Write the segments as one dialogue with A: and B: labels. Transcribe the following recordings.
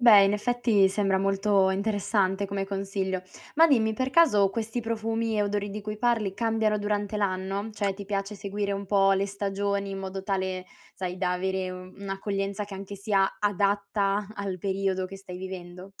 A: Beh, in effetti, sembra molto interessante come consiglio. Ma dimmi: per caso questi profumi e odori di cui parli cambiano durante l'anno? Cioè, ti piace seguire un po' le stagioni in modo tale, sai, da avere un'accoglienza che sia anche adatta al periodo che stai vivendo?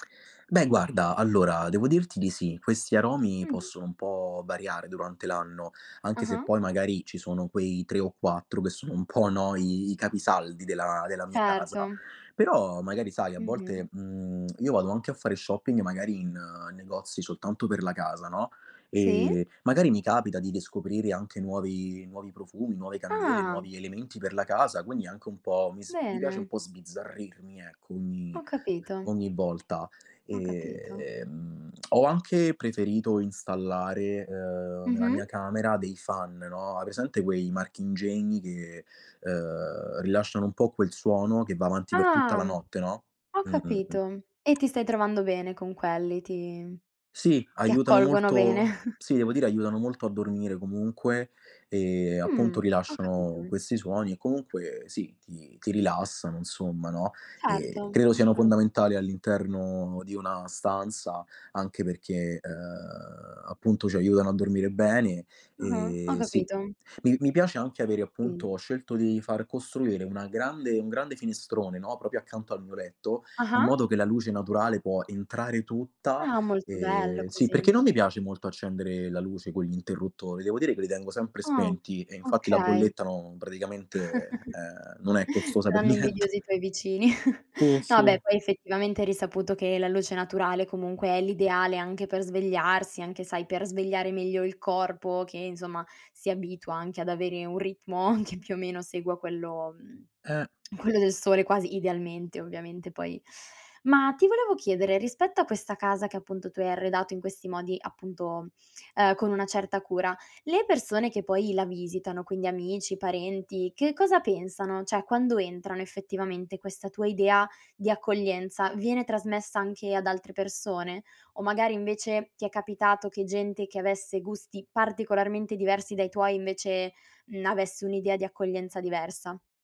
B: Beh, guarda, allora devo dirti di sì. Questi aromi
A: Mh-mh.
B: possono un po' variare durante l'anno, anche se
A: Ah-ha.
B: poi, magari, ci sono quei 3 o 4 che sono un po', no, i i capisaldi della della mia casa.
A: Certo.
B: Però, magari, sai, a
A: Mh-mh.
B: volte, mhmm, io vado anche a fare shopping, magari in negozi soltanto per la casa, no,
A: Sì.
B: e, magari, mi capita di riscoprire anche nuovi nuovi profumi, nuove candele,
A: Ah!
B: nuovi elementi per la casa. Quindi, anche un po' mi s mi piace un
A: Bene.
B: po' sbizzarrirmi, ecco, ogni
A: Ho capito.
B: ogni volta.
A: Ho capito.
B: Ehm, ho anche preferito installare, ehm, nella mia
A: Mh-mh.
B: camera dei fan no, hai presente quei marchingegni che, ehm, rilasciano un po' quel suono che va avanti per tutta
A: Ah!
B: la notte, no,
A: Ho
B: mh, mh, mh.
A: capito, e ti stai trovando bene con quelli, ti
B: Sì,
A: ti
B: aiutano
A: accolgono bene.
B: molto sì, devo dire, aiutano molto a dormire. Comunque, ehm, appunto,
A: Mh, ho
B: rilasciano
A: capito.
B: questi suoni e comunque sì, ti ti rilassano, insomma, no, e
A: Certo,
B: credo siano
A: assolu
B: fondamentali all'interno di una stanza, anche perché, ehm, appunto, ci aiutano a dormire bene.
A: Mh-mh, ho
B: Ehm, sì,
A: capito.
B: mi mi piace anche avere,
A: Mh.
B: appunto ho scelto di far costruire una grande un grande finestrone, no, proprio accanto al mio letto, in
A: Ah-ha.
B: modo che la luce naturale può entrare tutta,
A: Ah, molto bello
B: ehm, sì,
A: così.
B: perché non mi piace molto accendere la luce con gli interruttori, devo dire che li tengo sempre
A: Oh,
B: spenti e, infatti, la
A: okay.
B: bolletta non praticamente, ehm, non è costosa per
A: Saranno
B: niente.
A: invidiosi i tuoi vicini.
B: Sì, sì.
A: No, beh, poi, effettivamente, è risaputo che la luce naturale, comunque, è l'ideale anche per svegliarsi, anche, sai, per svegliare meglio il corpo che, insomma, si abitua anche ad avere un ritmo che, più o meno, segua quello mhmm,
B: Eh.
A: quello del sole, quasi idealmente, ovviamente, poi Ma ti volevo chiedere: rispetto a questa casa che, appunto, tu hai arredato in questi modi, appunto ehm, con una certa cura, le persone che poi la visitano- quindi amici, parenti- che cosa pensano? Cioè, quando entrano, effettivamente, questa tua idea di accoglienza, viene trasmessa anche ad altre persone? O magari, invece, ti è capitato che gente che avesse gusti particolarmente diversi dai tuoi, invece, mhmm, avesse un'idea di accoglienza diversa?